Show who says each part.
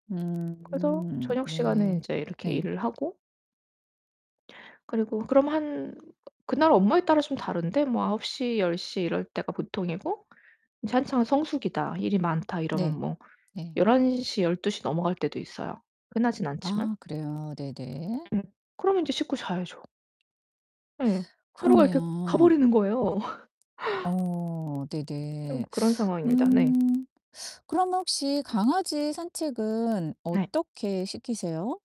Speaker 1: 그래서
Speaker 2: 음
Speaker 1: 저녁 시간에
Speaker 2: 네.
Speaker 1: 인제 이렇게
Speaker 2: 네.
Speaker 1: 일을 하고 그리고 그럼 한 그날 업무에 따라 좀 다른데 뭐 9:00 10:00 이럴 때가 보통이고 이제 한창 성수기다 일이 많다 이러면
Speaker 2: 네.
Speaker 1: 뭐
Speaker 2: 네.
Speaker 1: 11:00 12:00 넘어갈 때도 있어요. 흔하진 않지만.
Speaker 2: 아 그래요? 네네.
Speaker 1: 음 그럼 인제 씻고 자야죠. 예. 하루가 이렇게
Speaker 2: 그러네요.
Speaker 1: 가버리는 거예요.
Speaker 2: 어
Speaker 1: 좀
Speaker 2: 네네.
Speaker 1: 그런 상황입니다. 네.
Speaker 2: 음 그럼 혹시 강아지 산책은
Speaker 1: 네.
Speaker 2: 어떻게 시키세요?